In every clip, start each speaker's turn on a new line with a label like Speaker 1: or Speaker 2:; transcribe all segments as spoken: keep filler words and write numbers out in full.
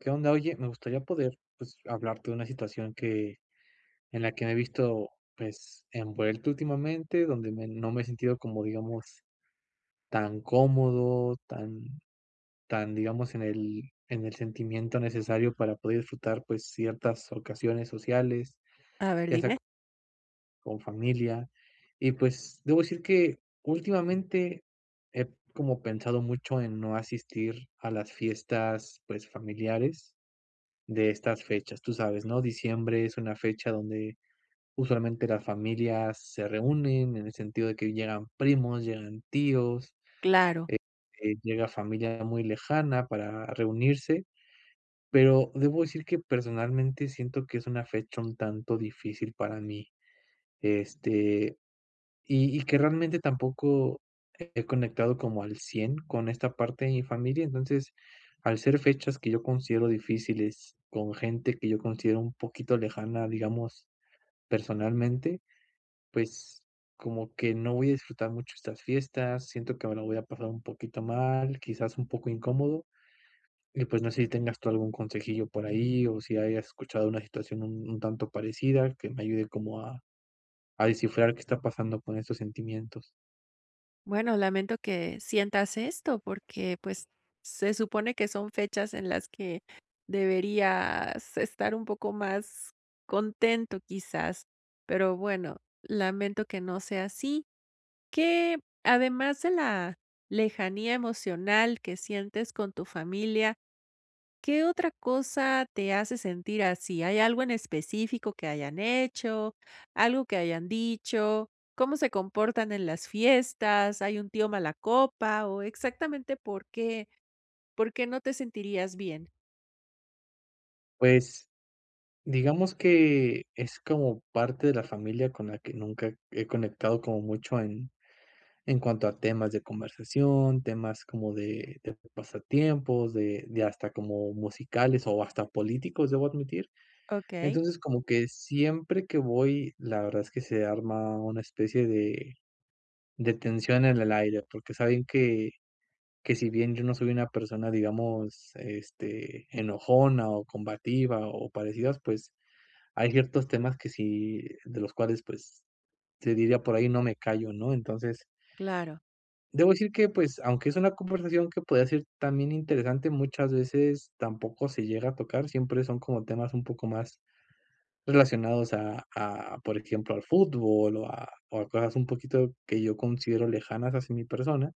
Speaker 1: ¿Qué onda? Oye, me gustaría poder, pues, hablarte de una situación que en la que me he visto, pues, envuelto, últimamente, donde me no me he sentido como, digamos, tan cómodo, tan, tan, digamos, en el en el sentimiento necesario para poder disfrutar, pues, ciertas ocasiones sociales,
Speaker 2: A ver,
Speaker 1: ya sea c
Speaker 2: dime.
Speaker 1: con familia. Y, pues, debo decir que, últimamente, he como pensado mucho en no asistir a las fiestas, pues, familiares de estas fechas. Tú sabes, ¿no? Diciembre es una fecha donde usualmente las familias se reúnen, en el sentido de que llegan primos, llegan tíos,
Speaker 2: Claro.
Speaker 1: eh, eh, llega familia muy lejana para reunirse. Pero debo decir que, personalmente, siento que es una fecha un tanto difícil para mí. Este, y y que realmente tampoco he conectado como al cien con esta parte de mi familia. Entonces, al ser fechas que yo considero difíciles, con gente que yo considero un poquito lejana, digamos, personalmente, pues, como que no voy a disfrutar mucho estas fiestas, siento que me la voy a pasar un poquito mal, quizás, un poco incómodo. Y pues, no sé si tengas tú algún consejillo por ahí o si hayas escuchado una situación un un tanto parecida, que me ayude como a a descifrar qué está pasando con estos sentimientos.
Speaker 2: Bueno, lamento que sientas esto porque, pues, se supone que son fechas en las que, deberías estar un poco más, contento quizás. Pero, bueno, lamento que no sea así. ¿Qué? Además de la lejanía emocional que sientes con tu familia, ¿qué otra cosa te hace sentir así? ¿Hay algo en específico que hayan hecho, algo que hayan dicho? ¿Cómo se comportan en las fiestas? ¿Hay un tío malacopa? ¿O exactamente por qué por qué no te sentirías bien?
Speaker 1: Pues, digamos que es, como parte de la familia con la que nunca he conectado como mucho en en cuanto a temas de conversación, temas como de de pasatiempos de de hasta como musicales o hasta políticos, debo admitir.
Speaker 2: Okey.
Speaker 1: Entonces, como que siempre que voy, la verdad es que se arma una especie de de tensión en el aire, porque saben que que si bien yo no soy una persona, digamos, este enojona o combativa, o parecidas, pues hay ciertos temas que si de los cuales, pues se diría por ahí no me callo ¿no? Entonces
Speaker 2: Claro.
Speaker 1: debo decir que, pues, aunque es una conversación que podría ser también interesante, muchas veces tampoco se llega a tocar, siempre son como temas un poco más relacionados a a, por ejemplo, al fútbol o a o a cosas un poquito que yo considero lejanas hacia mi persona.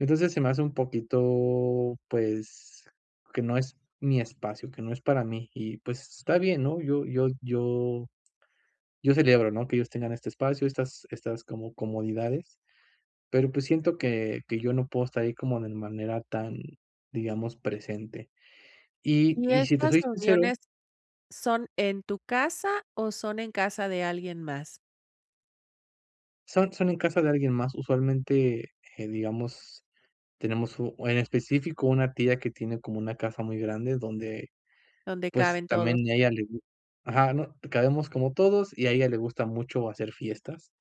Speaker 1: Entonces se me hace un poquito, pues, que no es mi espacio, que no es para mí y, pues, está bien, ¿no? Yo yo yo yo celebro ¿no? Que ellos tengan este espacio, estas estas como comodidades, pero, pues, siento que que yo no puedo estar ahí como de manera tan, digamos, presente. Y
Speaker 2: Y
Speaker 1: y si te
Speaker 2: estas
Speaker 1: soy sincero
Speaker 2: reuniones, ¿son en tu casa o son en casa de alguien más?
Speaker 1: Son son en casa de alguien más. Usualmente, eh, digamos tenemos, u en específico una tía que tiene como una casa muy grande, donde
Speaker 2: Donde
Speaker 1: pues,
Speaker 2: caben
Speaker 1: también
Speaker 2: todos.
Speaker 1: y a ella le gu ajá no cabemos como todos, y a ella le gusta mucho hacer fiestas.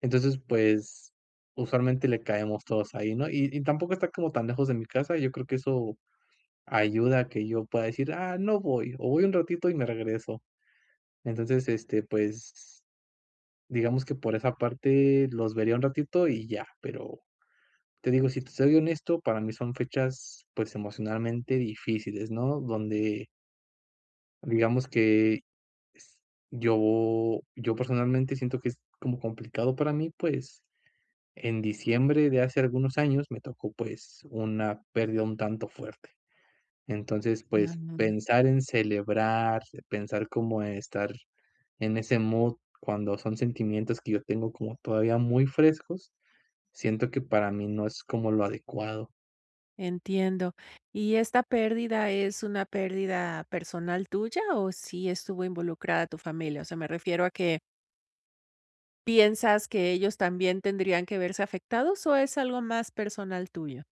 Speaker 1: Entonces, pues, usualmente le caemos todos ahí, ¿no? Y y tampoco está como tan lejos de mi casa, yo creo que eso ayuda a que yo pueda decir: "Ah no voy, o voy un ratito y me regreso". Entonces, este, pues digamos que por esa parte los vería un ratito, y ya, pero te digo, si te soy honesto, para mí son fechas, pues, emocionalmente difíciles, ¿no? Donde Digamos que yo yo, personalmente, siento que es como complicado para mí. Pues, en diciembre de hace algunos años me tocó, pues, una pérdida un tanto fuerte. Entonces, pues,
Speaker 2: Ujú.
Speaker 1: pensar en celebrar, pensar como estar en ese mood cuando son sentimientos que yo tengo como todavía muy frescos, siento que para mí no es como lo adecuado.
Speaker 2: Entiendo, ¿y esta pérdida es una pérdida personal tuya, o sí estuvo involucrada tu familia? O sea, me refiero a que ¿piensas que ellos también tendrían que verse afectados, o es algo más personal tuyo?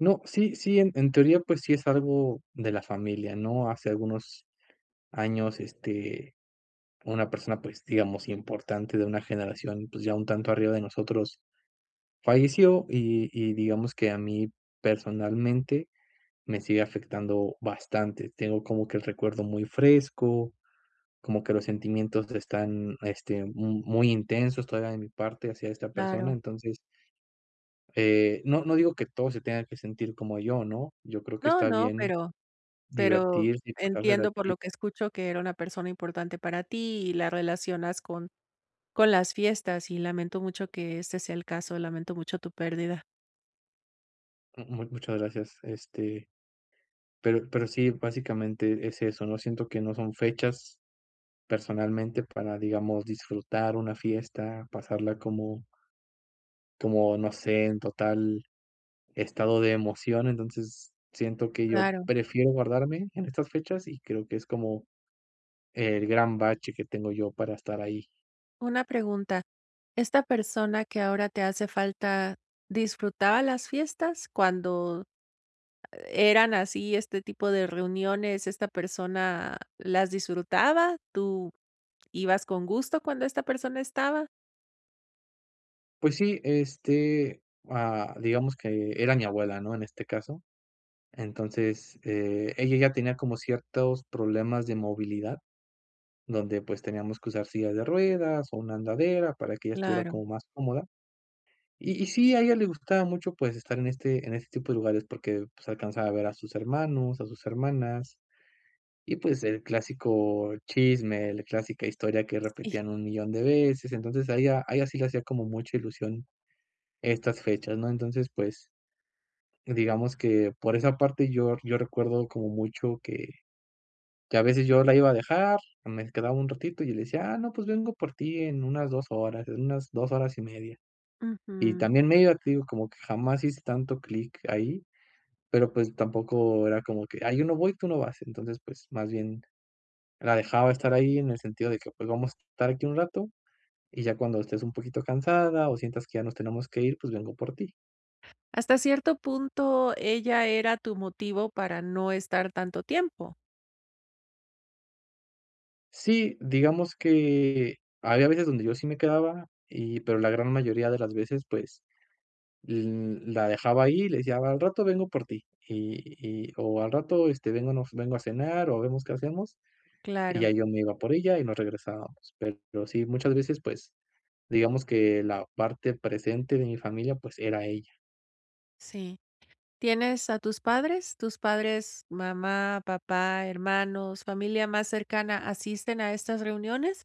Speaker 1: No, sí sí, en en teoría, pues, sí es algo de la familia, ¿no? Hace algunos años, este, una persona, pues digamos, importante de una generación, pues, ya un tanto arriba de nosotros falleció, y y digamos que a mí personalmente me sigue afectando bastante. Tengo como que el recuerdo muy fresco, como que los sentimientos están, este, m muy intensos todavía de mi parte hacia esta persona.
Speaker 2: Claro.
Speaker 1: Entonces, eh, no no digo que todos se tengan que sentir como yo, ¿no?, yo creo que
Speaker 2: No,
Speaker 1: está
Speaker 2: no,
Speaker 1: bien
Speaker 2: pero pero
Speaker 1: divertirse y pasársela
Speaker 2: entiendo, por
Speaker 1: así.
Speaker 2: lo que escucho, que era una persona importante para ti y la relacionas con con las fiestas, y lamento mucho que ese sea el caso, lamento mucho tu pérdida.
Speaker 1: M m muchas gracias, este, pero pero sí, básicamente es eso, ¿no?, siento que no son fechas personalmente para, digamos, disfrutar una fiesta, pasarla como como, no sé, en total estado de emoción. Entonces, siento que yo
Speaker 2: Claro.
Speaker 1: prefiero guardarme en estas fechas, y creo que es como el gran bache que tengo yo para estar ahí.
Speaker 2: Una pregunta, esta persona que ahora te hace falta, ¿disfrutaba las fiestas? Cuando eran así este tipo de reuniones, esta persona las disfrutaba, tú ibas con gusto cuando esta persona estaba.
Speaker 1: Pues sí, este, ah, digamos que era mi abuela, ¿no? En este caso. Entonces, eh, ella ya tenía como ciertos problemas de movilidad, donde, pues, teníamos que usar sillas de ruedas, o una andadera para que ella estuviera
Speaker 2: Claro.
Speaker 1: como más cómoda. Y y sí, a ella le gustaba mucho, pues, estar en este en este tipo de lugares, porque, pues, alcanzaba a ver a sus hermanos, a sus hermanas. Y, pues, el clásico chisme, la clásica historia que
Speaker 2: Sí.
Speaker 1: repetían un millon de veces. Entonces, a ella a ella sí le hacía como mucha ilusión estas fechas, ¿no? Entonces, pues, digamos que por esa parte, yo yo recuerdo como mucho que- que a veces yo la iba a dejar, me quedaba un ratito, y yo le decía: "Ah no, pues, vengo por ti en unas dos horas, en unas dos horas y media. Y
Speaker 2: Ujú.
Speaker 1: también ella, te digo, como que jamás hiciste tanto clic ahí, pero, pues, tampoco era como que: "Ay yo no voy, tú no vas". Entonces, pues, más bien la dejaba estar ahí en el sentido de que, pues, vamos a estar aquí un rato, y ya cuando estés un poquito cansada, o sientas que ya nos tenemos que ir, pues, vengo por ti.
Speaker 2: Hasta cierto punto, ella era tu motivo para no estar tanto tiempo.
Speaker 1: Sí, digamos que había veces donde yo sí me quedaba y pero la gran mayoría de las veces, pues, l la dejaba ahí y le decía: "Al rato vengo por ti". Y y o: "Al rato, este, vengo no f vengo a cenar o vemos qué hacemos". Y
Speaker 2: Claro.
Speaker 1: ya yo me iba por ella y nos regresábamos. Pero sí, muchas veces, pues, digamos que la parte presente de mi familia, pues era ella.
Speaker 2: Sí. ¿Tienes a tus padres? ¿Tus padres, mamá, papá, hermanos, familia más cercana, asisten a estas reuniones?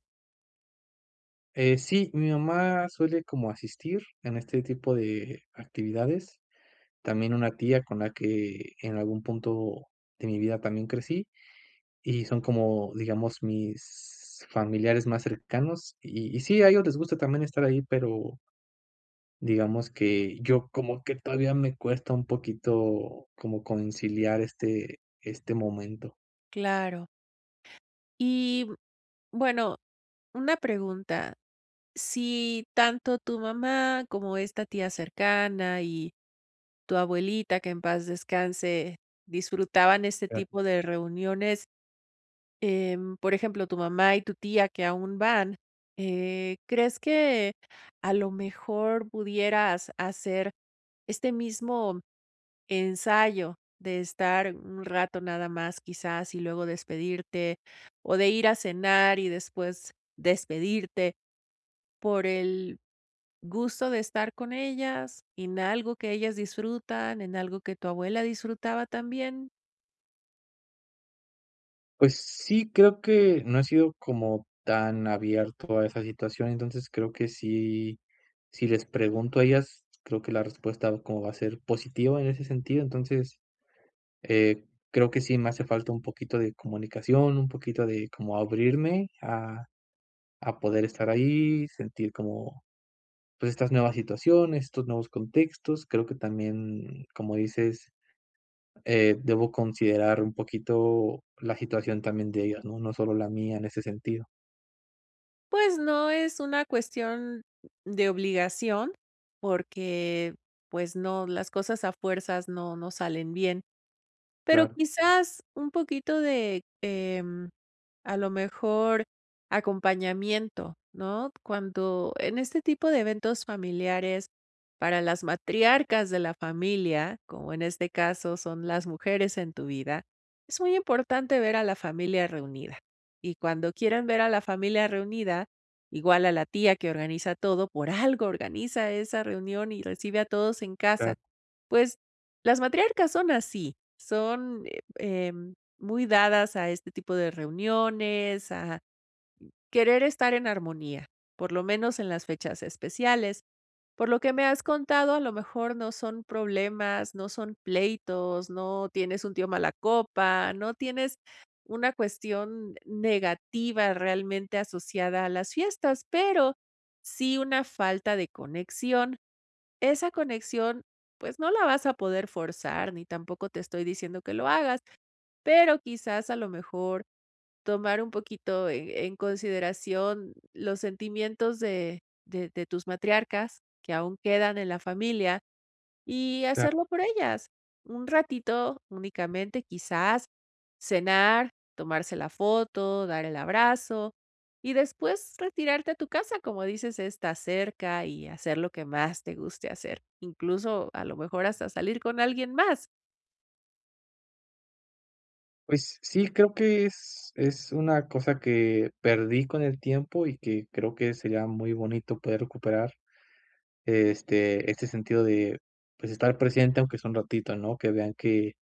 Speaker 1: Eh, sí, mi mamá suele como asistir en este tipo de actividades. También una tía con la que, en algún punto de mi vida, también crecí. Y son como, digamos, mis familiares más cercanos. Y y sí, a ellos les gusta también estar ahí, pero digamos que yo como que todavía me cuesta un poquito como conciliar este este momento.
Speaker 2: Claro. Y, mm, bueno, una pregunta, si tanto tu mamá como esta tía cercana y tu abuelita, que en paz descanse, disfrutaban este
Speaker 1: Ya.
Speaker 2: tipo de reuniones. Em, por ejemplo, tu mamá y tu tía que aún van. Eh, ¿crees que, a lo mejor, pudieras hacer este mismo ensayo de estar un rato nada más, quizás, y luego despedirte, o de ir a cenar y después despedirte por el gusto de estar con ellas en algo que ellas disfrutan, en algo que tu abuela disfrutaba también?
Speaker 1: Pues sí. Creo que no he sido, como tan abierto a esa situación. Entonces, creo que sí si les pregunto a ellas, creo que la respuesta, como va a ser positiva, en ese sentido. Entonces, eh, creo que sí me hace falta un poquito de comunicación, un poquito de como abrirme a a poder estar ahí, sentir como pues, estas nuevas situaciones, estos nuevos contextos. Creo que también, como dices, eh, debo considerar un poquito, la situación también de ellas, ¿no? No solo la mía, en ese sentido.
Speaker 2: Pues, no es una cuestión de obligación, porque, pues no. Las cosas a fuerzas, no no salen bien. Pero
Speaker 1: Claro.
Speaker 2: quizás, un poquito de, em, a lo mejor, acompañamiento, ¿no? Cuando, en este tipo de eventos familiares, para las matriarcas de la familia, como en este caso, son las mujeres en tu vida. Es muy importante ver a la familia reunida. Y cuando quieren ver a la familia reunida, igual a la tía que organiza todo. Por algo, organiza esa reunión, y recibe a todos en casa.
Speaker 1: Claro.
Speaker 2: Pues, las matriarcas son así. Son, eh, em, muy dadas, a este tipo de reuniones. A querer estar en armonía, por lo menos, en las fechas especiales. Por lo que me has contado, a lo mejor, no son problemas, no son pleitos. No tienes un tío mala copa. No tienes una cuestión negativa, realmente, asociada a las fiestas. Pero sí, una falta de conexión. Esa conexión, pues, no la vas a poder forzar, ni tampoco te estoy diciendo que lo hagas. Pero quizás, a lo mejor, tomar un poquito, eh, en consideración, los sentimientos de de de tus matriarcas, que aún quedan en la familia. Y
Speaker 1: Claro.
Speaker 2: hacerlo por ellas. Un ratito únicamente. Quizás, cenar, tomarse la foto, dar el abrazo. Y después, retirarte a tu casa: Como dices, está cerca. Y hacer, lo que más te guste hacer. Incluso, a lo mejor, hasta salir con alguien más.
Speaker 1: Pues sí, creo que es es una cosa, que perdí con el tiempo, y que creo, que sería muy bonito, poder recuperar, este este sentido de, pues, estar presente, aunque sea un ratito, ¿no? Que vean que,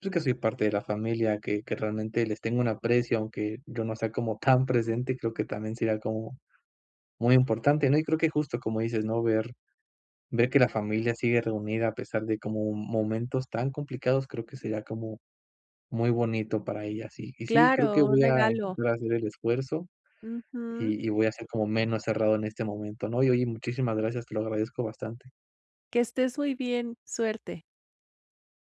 Speaker 1: pues, que soy parte de la familia, que que realmente les tenga un aprecio, aunque yo no sea, como tan presente, creo que también sería como muy importante, ¿no? Y creo que, justo, como dices, ¿no? Ver ver que la familia sigue reunida, a pesar de, como momentos tan complicados. Creo que sería, como muy bonito para ellas. Y y sí, creo
Speaker 2: Claro.
Speaker 1: que
Speaker 2: Un
Speaker 1: voy a
Speaker 2: regalo.
Speaker 1: voy a hacer el esfuerzo,
Speaker 2: Ujú.
Speaker 1: y y voy a ser, como menos cerrado, en este momento, ¿no? Y oye, muchísimas gracias. Te lo agradezco bastante.
Speaker 2: Que estés muy bien. Suerte.